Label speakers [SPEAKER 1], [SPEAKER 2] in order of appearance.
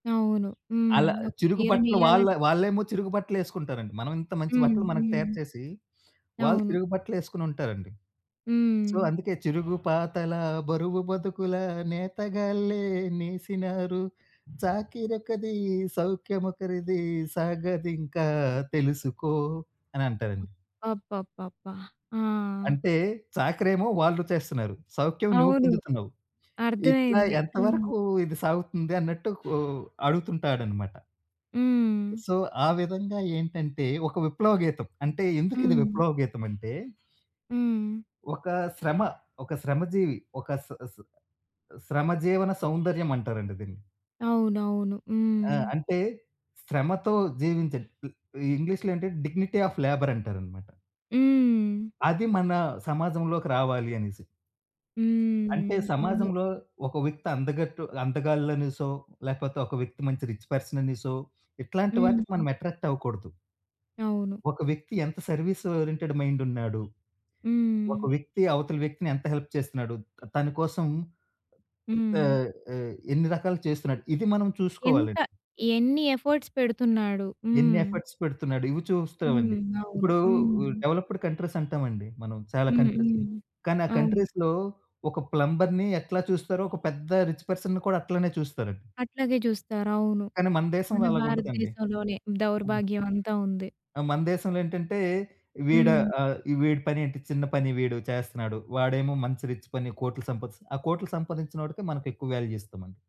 [SPEAKER 1] అవును. హ్మ్.
[SPEAKER 2] అలా
[SPEAKER 1] ఒక
[SPEAKER 2] చిరుగు
[SPEAKER 1] చీర
[SPEAKER 2] బట్టలు వాళ్ళ
[SPEAKER 1] నెయ్యాలంటే
[SPEAKER 2] వాళ్ళేమో చిరుగు బట్టలేసుకుంటారండి. మనవింత మంచి
[SPEAKER 1] హ్మ్.
[SPEAKER 2] బట్టలు మనకి తయారు
[SPEAKER 1] హ్మ్.
[SPEAKER 2] చేసీ, వాళ్ళు
[SPEAKER 1] అవును.
[SPEAKER 2] చిరుగు బట్టలేసుకొనుంటారండి. సో,
[SPEAKER 1] హ్మ్.
[SPEAKER 2] అందుకే చిరుగు పాతలా, బరువు బతుకుల నేతగాళ్ళే నేసినారు, చాకిరొకది, సౌఖ్యమొకరిదీ, సాగదింకా తెలుసుకో. అనంటారండి.
[SPEAKER 1] అబ్బబ్బబ్బా! ఆ!
[SPEAKER 2] అంటే, చాకిరేమో వాళ్ళు చేస్తన్నారు. సౌఖ్యం నువ్వు
[SPEAKER 1] అవును.
[SPEAKER 2] పొందుతున్నావు. ఇట్లా
[SPEAKER 1] అర్థమైంది. హ్మ్.
[SPEAKER 2] ఎంతవరకూ ఇది సాగుతుంది అన్నట్టు ఓ అడుగుతుంటాడనమాట.
[SPEAKER 1] హ్మ్.
[SPEAKER 2] సో, ఆ విధంగా ఏంటంటే, ఒక విప్లవ గీతం. అంటే, ఎందుకిది
[SPEAKER 1] హ్మ్.
[SPEAKER 2] విప్లవ గీతమంటే
[SPEAKER 1] హ్మ్.
[SPEAKER 2] ఒకా శ్రమ, ఒక శ్రమజీవి, ఒక శ్ శ్ శ్రమ జీవన సౌందర్యమంటారండి దీన్ని.
[SPEAKER 1] అవునవును.
[SPEAKER 2] ఆ!
[SPEAKER 1] హ్మ్.
[SPEAKER 2] అంటే శ్రమతో జీవించండి. ల్ ఈ ఇంగ్లీష్‌లో ఏంటంటే, డిగ్నిటీ ఆఫ్ లేబర్ అంటారనమాట.
[SPEAKER 1] హ్మ్.
[SPEAKER 2] అది మనా సమాజంలోకి రావాలి అనేసి. అంటే,
[SPEAKER 1] హ్మ్. అవును.
[SPEAKER 2] సమాజంలో ఒక వ్యక్తి అందగట్టు అందగాళ్ళనేసో, లేపోతే ఒక వ్యక్తి మంచి రిచ్ పర్సననేసో, ఇట్లాంటి వాటికి
[SPEAKER 1] హుహు.
[SPEAKER 2] మనం ఎట్రాక్ట్ అవ్వకూడదు.
[SPEAKER 1] అవును.
[SPEAKER 2] ఒక వ్యక్తి ఎంత సర్వీస్ ఓరియెంటెడ్ మైండున్నాడు, ఒక
[SPEAKER 1] హ్మ్.
[SPEAKER 2] వ్యక్తి అవతల వ్యక్తిని ఎంత హెల్ప్ చేస్తన్నాడు? త తని కోసం
[SPEAKER 1] హ్మ్.
[SPEAKER 2] ఆహ్, ఆహ్, ఎ ఎన్ని రకాలు చేస్తున్నాడు? ఇది మనం
[SPEAKER 1] ఎంత,
[SPEAKER 2] చూసుకోవాలండి.
[SPEAKER 1] ఎన్ని ఎఫర్ట్స్ పెడుతున్నాడు.
[SPEAKER 2] ఎన్ని
[SPEAKER 1] హ్మ్.
[SPEAKER 2] ఎఫర్ట్స్ పెడుతున్నాడు? ఇవి చూస్తావండి.
[SPEAKER 1] హ్మ్. అవును.
[SPEAKER 2] ఇప్పుడూ ఉ
[SPEAKER 1] హ్మ్.
[SPEAKER 2] డెవలప్పుడ్ కంట్రీసంటావండి మనం చాలా
[SPEAKER 1] హ్మ్. హ్మ్.
[SPEAKER 2] కంట్రీస్‌ని, కానీ ఆ
[SPEAKER 1] అవును.
[SPEAKER 2] కంట్రీస్‌లో ఒక ప్లంబర్‌ని ఎట్లా చూస్తారో, ఒక పెద్ద రిచ్ పర్సన్‌ని కూడా అట్లానే చూస్తారండి.
[SPEAKER 1] అట్లాగే జూస్తారు. అవును.
[SPEAKER 2] కానీ మన
[SPEAKER 1] మన
[SPEAKER 2] దేశంలో అలాగుండదండి.
[SPEAKER 1] భారతదేశంలోనే
[SPEAKER 2] హ్మ్.
[SPEAKER 1] దౌర్భాగ్యమంతా ఉంది.
[SPEAKER 2] ఆ! మన దేశంలో ఏంటంటే, వీడా
[SPEAKER 1] హ్మ్.
[SPEAKER 2] ఆహ్, వీడి పనేంటి, చిన్న పని వీడు చేస్తన్నాడు. వాడేమో మంచి రిచ్ పని, కోట్లు సంపాదిస్త్ ఆ కోట్లు సంపాదించినోడికే మనకెక్కువ వాల్యూ ఇస్తామండి.